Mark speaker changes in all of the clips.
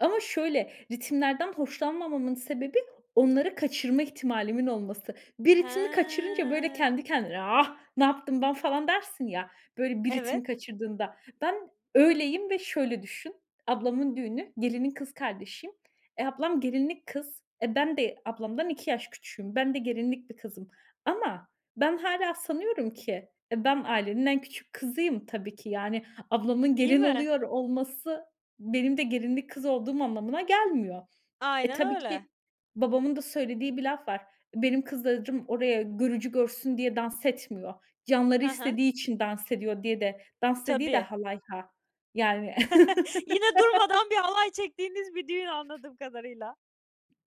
Speaker 1: Ama şöyle ritimlerden hoşlanmamamın sebebi, onları kaçırma ihtimalimin olması. Bir ritmi kaçırınca böyle
Speaker 2: Hıı.
Speaker 1: kendi kendine, ah, ne yaptım ben falan dersin ya, böyle bir ritmi
Speaker 2: Evet.
Speaker 1: kaçırdığında. Ben öyleyim ve şöyle düşün; ablamın düğünü, gelinin kız kardeşiyim. Eee, ablam gelinlik kız. E, ben de ablamdan 2 yaş küçüğüm. Ben de gelinlik bir kızım. Ama ben hâlâ sanıyorum ki, eee, ben ailenin en küçük kızıyım tabii ki. Yani, ablamın
Speaker 2: D değil
Speaker 1: gelin
Speaker 2: mi?
Speaker 1: oluyor olması benim de gelinlik kız olduğum anlamına gelmiyor. E,
Speaker 2: Aynen
Speaker 1: tabii
Speaker 2: öyle.
Speaker 1: ki babamın da söylediği bir laf var. "Benim kızlarım oraya görücü görsün diye dans etmiyor. Canları
Speaker 2: Hı hı.
Speaker 1: istediği için dans ediyor," diye de dans dediği de
Speaker 2: Tabii.
Speaker 1: halay, ha, yani.
Speaker 2: Yine durmadan bir halay çektiğiniz bir düğün, anladığım kadarıyla.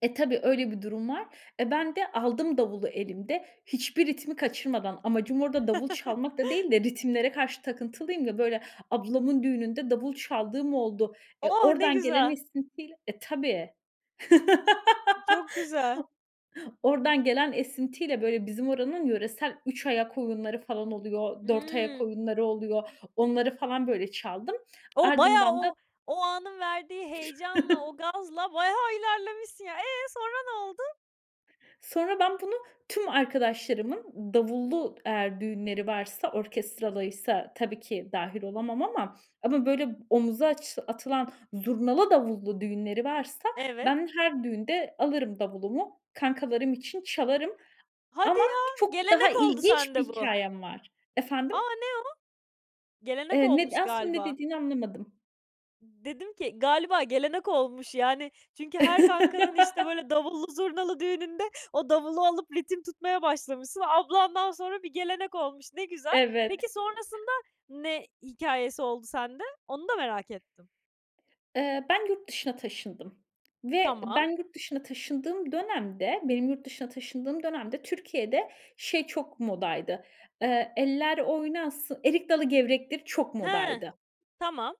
Speaker 1: E, tabii öyle bir durum var. Eee, ben de aldım davulu elimde, hiçbir ritmi kaçırmadan. Amacım orada davul çalmak da değil de, ritimlere karşı takıntılıyım ya; böyle ablamın düğününde davul çaldığım oldu. Eee,
Speaker 2: Oh, ne
Speaker 1: oradan gelen
Speaker 2: güzel!
Speaker 1: esintiyle E, tabii.
Speaker 2: I çok güzel.
Speaker 1: Oradan gelen esintiyle böyle bizim oranın yöresel üç ayak oyunları falan oluyor, dört ayak
Speaker 2: Hıı.
Speaker 1: oyunları oluyor. Onları falan böyle çaldım.
Speaker 2: O bayağı
Speaker 1: Ardından da
Speaker 2: o o anın verdiği heyecanla, o gazla bayağı ilerlemişsin ya. Eee, sonra ne oldu?
Speaker 1: Sonra ben bunu tüm arkadaşlarımın davullu, eğer düğünleri varsa, orkestralıysa tabii ki dâhil olamam ama, ama böyle omuza aç atılan zurnalı, davullu düğünleri varsa,
Speaker 2: Evet.
Speaker 1: ben her düğünde alırım davulumu, kankalarım için çalarım.
Speaker 2: Hadi
Speaker 1: Ama
Speaker 2: ya,
Speaker 1: çok daha
Speaker 2: gelenek oldu
Speaker 1: ilginç bir
Speaker 2: sende bu.
Speaker 1: hikâyem var.
Speaker 2: A!
Speaker 1: Efendim?
Speaker 2: Ne o? Gelenek
Speaker 1: Eee, ne
Speaker 2: olmuş
Speaker 1: d aslında ne
Speaker 2: galiba.
Speaker 1: dediğini anlamadım.
Speaker 2: Dedim ki, galiba gelenek olmuş yani; çünkü her kankanın işte böyle davullu, zurnalı düğününde o davulu alıp ritim tutmaya başlamışsın. Ablandan sonra bir gelenek olmuş, ne güzel.
Speaker 1: Evet.
Speaker 2: Peki, sonrasında ne hikâyesi oldu sende? Onu da merak ettim.
Speaker 1: Eee, ben yurt dışına taşındım ve
Speaker 2: Tamam.
Speaker 1: ben yurt dışına taşındığım dönemde, benim yurt dışına taşındığım dönemde Türkiye'de şey çok modaydı, eee, eller oynasın, erik dalı gevrektir çok
Speaker 2: Hıı.
Speaker 1: modaydı.
Speaker 2: Tamam.